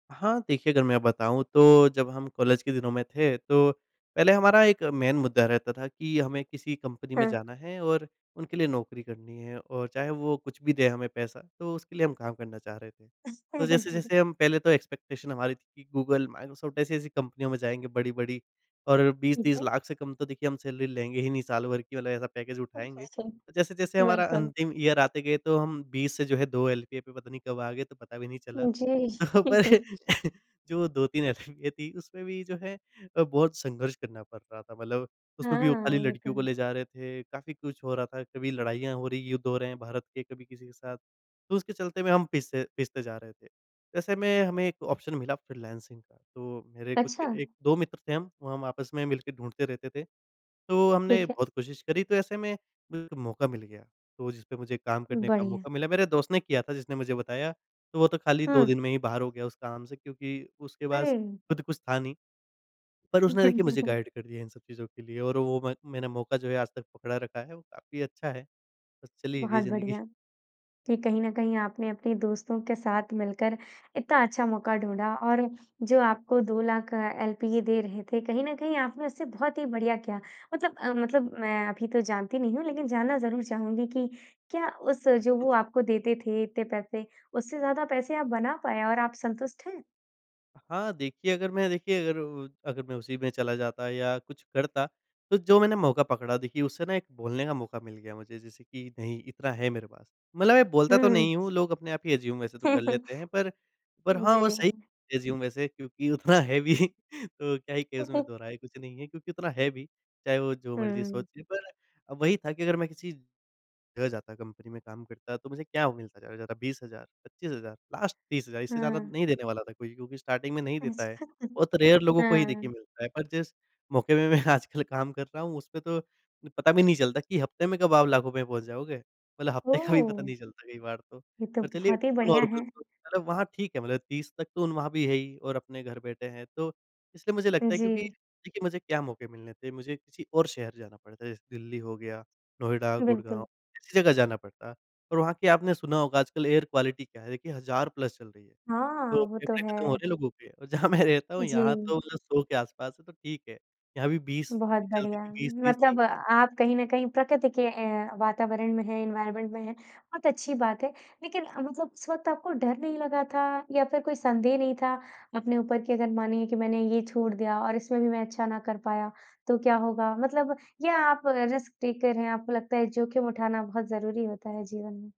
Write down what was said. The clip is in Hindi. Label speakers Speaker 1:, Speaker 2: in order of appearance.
Speaker 1: हाँ, देखिए अगर मैं बताऊँ तो जब हम कॉलेज के दिनों में थे तो पहले हमारा एक मेन मुद्दा रहता था कि हमें किसी कंपनी में
Speaker 2: हाँ।
Speaker 1: जाना है और उनके लिए नौकरी करनी है और चाहे वो कुछ भी दे हमें पैसा तो उसके लिए हम काम करना चाह रहे थे। तो जैस-जैसे हम पहले तो एक्सपेक्टेशन हमारी थी कि गूगल, माइक्रोसॉफ्ट ऐसी-ऐसी कंपनियों में जाएँगे बड़ी-बड़ी और बीस
Speaker 2: ठीक
Speaker 1: तीस
Speaker 2: है।
Speaker 1: लाख से कम तो देखिए हम सैलरी लेंगे ही नहीं साल भर की वाला ऐसा पैकेज
Speaker 2: अच्छा
Speaker 1: उठाएँगे।
Speaker 2: छा
Speaker 1: जैसे-जैसे हमारा
Speaker 2: बिल्कुल।
Speaker 1: अंतिम ईयर आते गए तो हम 20 से जो है 2 एलपीए पे पता नहीं कब आ गए, तो पता भी नहीं चला।
Speaker 2: उ, जी।
Speaker 1: तो पर जो वो 2-3 एलपीए थी उसमें भी जो है अ, बहुत संघर्ष करना पड़ रहा था मतलब उसमें भी वो खाली
Speaker 2: हाँ, ये तो
Speaker 1: लड़कियों को
Speaker 2: है।
Speaker 1: ले जा रहे थे। काफ़ी कुछ हो रहा था, कभी लड़ाइयाँ हो रही हैं, युद्ध हो रहे हैं भारत के कभी किसी के साथ, तो उसके चलते हुए हम पिस पिसते जा रहे थे। तो ऐसे में हमें एक ऑप्शन मिला फ्रीलांसिंग का तो मेरे कुछ
Speaker 2: अच्छा।
Speaker 1: 1-2 मित्र थे हम, वो हम आपस में मिलके ढूँढते रहते थे, तो हमने
Speaker 2: ठीक है।
Speaker 1: बहुत कोशिश करी तो ऐसे में [unintelligible] मौका मिल गया, तो जिसपे मुझे काम करने का
Speaker 2: बढ़िया।
Speaker 1: मौका मिला। मेरे दोस्त ने किया था जिसने मुझे बताया तो वो तो खाली 2 दिन
Speaker 2: हुँ।
Speaker 1: में ही बाहर हो गया उस काम से क्योंकि उसके पास
Speaker 2: अरे!
Speaker 1: खुद कुछ था नहीं है पर उसने देखिए मुझे गाइड कर दिया है इन सब चीज़ों के लिए और वो म मैंने मौका जो है आज तक पकड़ा रखा है, वो काफ़ी अच्छा है। चलिए ये
Speaker 2: बहुत
Speaker 1: ज़िंदगी
Speaker 2: बढ़िया, कि कहीं न कहीं आपने अपने दोस्तों के साथ मिलकर इतना अच्छा मौका ढूँढ़ा और जो आपको 2 लाख अ, एलपीए दे रहे थे कहीं न कहीं आपने उससे बहुत ही बढ़िया किया मतलब अ, मतलब मैं अभी तो जानती नहीं हूँ, लेकिन जानना ज़रूर चाहूँगी कि क्या उस जो वो
Speaker 1: [unintelligible]
Speaker 2: आपको देते थे इतने पैसे उससे ज़्यादा पैसे आप बना पाए और आप संतुष्ट हैं?
Speaker 1: हाँ, देखिए अगर मैं देखिए अगर उ अगर मैं उसी में चला जाता या कुछ करता तो जो मैंने मौका पकड़ा देखिए उससे ना एक बोलने का मौका मिल गया मुझे जैसे कि नहीं इतना है मेरे पास। मतलब मैं बोलता तो
Speaker 2: हुँ।
Speaker 1: नहीं हूँ लोग अपने आप ही एज्यूम वैसे तो कर लेते हैं पर, पर हाँ,
Speaker 2: जी।
Speaker 1: वो सही एज्यूम वैसे क्योंकि उतना है भी तो क्या है कि उसमें दोहराए कुछ नहीं है क्योंकि उतना है भी, चाहे वो जो मर्जी
Speaker 2: हुँ।
Speaker 1: सोचें पर अब वही था कि अगर मैं किसी ग जाता है कंपनी में काम करता है तो मुझे क्या मिलता ज़्यादा-ज़्यादा 20 हज़ार, 25 हज़ार लास्ट 30 हज़ार इससे ज़्यादा
Speaker 2: हुँ।
Speaker 1: नहीं देने वाला था कोई क्योंकि स्टार्टिंग में नहीं देता है,
Speaker 2: अच्छा,
Speaker 1: बहुत रेयर लोगों को ही देखिए
Speaker 2: हाँ।
Speaker 1: मिलता है। पर जिस मौके मैं आजकल काम कर रहा हूँ, उसमें तो पता भी नहीं चलता कि हफ्ते में कब आप लाखों में पहुँच जाओगे। मतलब हफ्ते का भी पता
Speaker 2: ओह।
Speaker 1: नहीं चलता कई बार तो,
Speaker 2: ये तो
Speaker 1: पर चलिए
Speaker 2: बहुत ही बढ़िया
Speaker 1: नॉर्मल
Speaker 2: है।
Speaker 1: तो होता ना वहाँ ठीक है, मतलब 30 तक तो वहाँ भी है ही और अपने घर बैठे हैं। तो इसलिए मुझे
Speaker 2: हुँ,
Speaker 1: लगता है क्योंकि
Speaker 2: जी।
Speaker 1: देखिए मुझे क्या मौके मिलने थे मुझे किसी और शहर जाना पड़ता, जैसे दिल्ली हो गया नोएडा, गुड़गाँव
Speaker 2: बिल्कुल।
Speaker 1: ऐसी जगह जाना पड़ता। और वहाँ की आपने सुना होगा आजकल एयर क्वालिटी क्या है? देखिए हज़ार प्लस चल रही है,
Speaker 2: हाँ,
Speaker 1: तो
Speaker 2: वो तो
Speaker 1: फेफ़ड़े खत्म हो
Speaker 2: है।
Speaker 1: रहे हैं लोगों के जहाँ मैं रहता हूँ यहाँ
Speaker 2: जी।
Speaker 1: तो 100 के आस-पास है तो ठीक है। यहाँ भी 20
Speaker 2: बहुत
Speaker 1: चलती
Speaker 2: बढ़िया
Speaker 1: थी 20-30 थी।
Speaker 2: मतलब अ, आप कहीं न कहीं प्रकृति के ए वातावरण में हैं, एनवायरनमेंट में हैं, बहुत अच्छी बात है। लेकिन मतलब उस वक़्त आपको डर नहीं लगा था या फिर कोई संदेह नहीं था अपने ऊपर कि अगर मानिए कि मैंने ये छोड़ दिया और इसमें भी मैं अच्छा ना कर पाया, तो क्या होगा? मतलब या आप रिस्क टेकर हैं, आपको लगता है जोख़िम उठाना बहुत ज़रूरी होता है जीवन में?